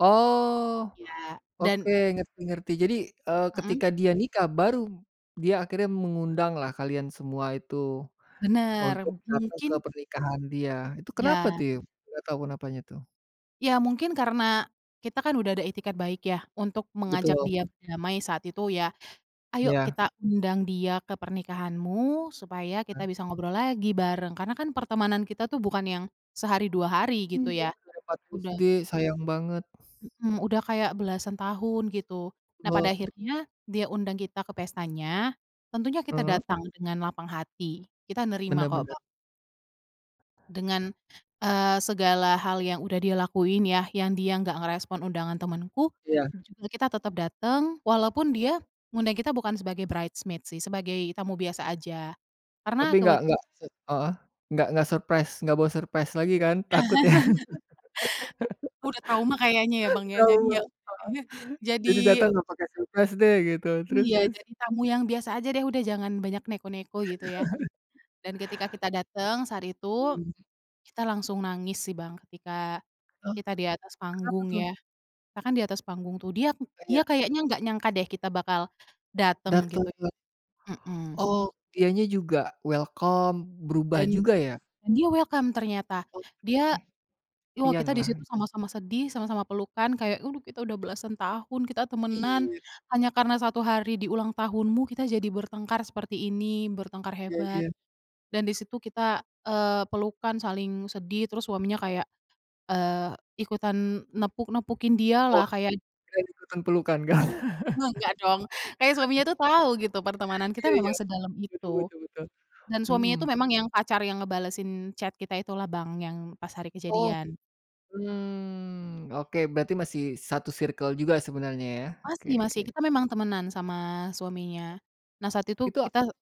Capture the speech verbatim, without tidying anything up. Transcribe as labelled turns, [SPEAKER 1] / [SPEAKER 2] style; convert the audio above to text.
[SPEAKER 1] Oh,
[SPEAKER 2] Iya
[SPEAKER 1] oke,
[SPEAKER 2] dan
[SPEAKER 1] ngerti ngerti. Jadi, eee,
[SPEAKER 2] Hmm.
[SPEAKER 1] ketika dia nikah, baru dia akhirnya mengundanglah kalian semua itu,
[SPEAKER 2] Bener.
[SPEAKER 1] untuk datang
[SPEAKER 2] Mungkin
[SPEAKER 1] ke pernikahan dia. Itu kenapa
[SPEAKER 2] Ya.
[SPEAKER 1] tiu, enggak tahu kenapanya tuh?
[SPEAKER 2] Ya, mungkin karena kita kan udah ada itikad baik ya, untuk mengajak
[SPEAKER 1] Betul.
[SPEAKER 2] dia berdamai saat itu ya. "Ayo
[SPEAKER 1] Iya.
[SPEAKER 2] kita undang dia ke pernikahanmu, supaya kita
[SPEAKER 1] Mhm.
[SPEAKER 2] bisa ngobrol lagi, bareng." Karena kan pertemanan kita tuh bukan yang sehari, dua hari
[SPEAKER 1] Iya,
[SPEAKER 2] gitu ya,
[SPEAKER 1] dari empat
[SPEAKER 2] udah
[SPEAKER 1] SD, sayang banget.
[SPEAKER 2] Mhm, udah kayak belasan tahun, gitu. Nah, pada
[SPEAKER 1] Heeh.
[SPEAKER 2] akhirnya dia undang kita ke pestanya, tentunya kita
[SPEAKER 1] Heeh.
[SPEAKER 2] datang dengan lapang hati, kita nerima
[SPEAKER 1] Bener
[SPEAKER 2] kok,
[SPEAKER 1] bener.
[SPEAKER 2] ba Dengan, eee, segala hal yang udah dia lakuin ya, yang dia enggak ngerespon undangan temenku,
[SPEAKER 1] Iya.
[SPEAKER 2] dan juga kita tetep dateng, walaupun dia ngundang kita bukan sebagai bridesmaid sih, sebagai tamu biasa aja,
[SPEAKER 1] Tapi,
[SPEAKER 2] karena
[SPEAKER 1] enggak
[SPEAKER 2] kebet
[SPEAKER 1] enggak se heeh. Enggak enggak surprise. Enggak boh surprise lagi kan, takut ya?
[SPEAKER 2] Udah trauma kayaknya ya, Bang, ya. Jadi, ya.
[SPEAKER 1] Ketahuan,
[SPEAKER 2] Jadinya,
[SPEAKER 1] heeh.
[SPEAKER 2] jadi
[SPEAKER 1] Jadi, datang enggak pakai surprise deh, gitu. Terus
[SPEAKER 2] Iya,
[SPEAKER 1] terus?
[SPEAKER 2] jadi tamu yang biasa aja deh, udah jangan banyak neko-neko gitu ya, dan ketika kita dateng saat itu,
[SPEAKER 1] Mmm.
[SPEAKER 2] kita langsung nangis sih, Bang. Ketika
[SPEAKER 1] Oh,
[SPEAKER 2] kita di atas
[SPEAKER 1] kenapa
[SPEAKER 2] panggung
[SPEAKER 1] tuh?
[SPEAKER 2] ya, kita kan di atas panggung tuh. Dia dia
[SPEAKER 1] Iya.
[SPEAKER 2] kayaknya enggak nyangka deh kita bakal dateng,
[SPEAKER 1] Datang
[SPEAKER 2] gitu ya,
[SPEAKER 1] ke
[SPEAKER 2] mhm.
[SPEAKER 1] Oh, dia nya juga welcome, berubah
[SPEAKER 2] Dan,
[SPEAKER 1] juga ya?
[SPEAKER 2] dia welcome ternyata. Dia
[SPEAKER 1] Oke.
[SPEAKER 2] wah, kita di situ
[SPEAKER 1] Pianlang.
[SPEAKER 2] sama-sama sedih, sama-sama pelukan, kayak kita udah belasan tahun, kita temenan
[SPEAKER 1] Iya.
[SPEAKER 2] hanya karena satu hari di ulang tahunmu, kita jadi bertengkar seperti ini, bertengkar
[SPEAKER 1] Iya
[SPEAKER 2] hebat
[SPEAKER 1] iya.
[SPEAKER 2] dan di situ kita eee, pelukan, saling sedih terus suaminya kayak eee, ikutan nepuk-nepukin dia lah,
[SPEAKER 1] Wah.
[SPEAKER 2] kayak
[SPEAKER 1] Kirain itu kan pelukan, Kak.
[SPEAKER 2] Enggak dong, kayak suaminya tuh tahu gitu, pertemanan kita
[SPEAKER 1] Iya iya.
[SPEAKER 2] memang sedalam
[SPEAKER 1] Betul
[SPEAKER 2] itu,
[SPEAKER 1] betul betul,
[SPEAKER 2] dan suaminya itu
[SPEAKER 1] mhm.
[SPEAKER 2] memang yang pacar yang ngebalesin chat kita itulah, Bang, yang pas hari
[SPEAKER 1] Oh,
[SPEAKER 2] kejadian.
[SPEAKER 1] mmm, oke berarti masih satu circle juga sebenarnya ya? Oke
[SPEAKER 2] Masih
[SPEAKER 1] oke.
[SPEAKER 2] masih, kita memang temenan sama suaminya. Nah, saat itu
[SPEAKER 1] Itu, ah
[SPEAKER 2] kita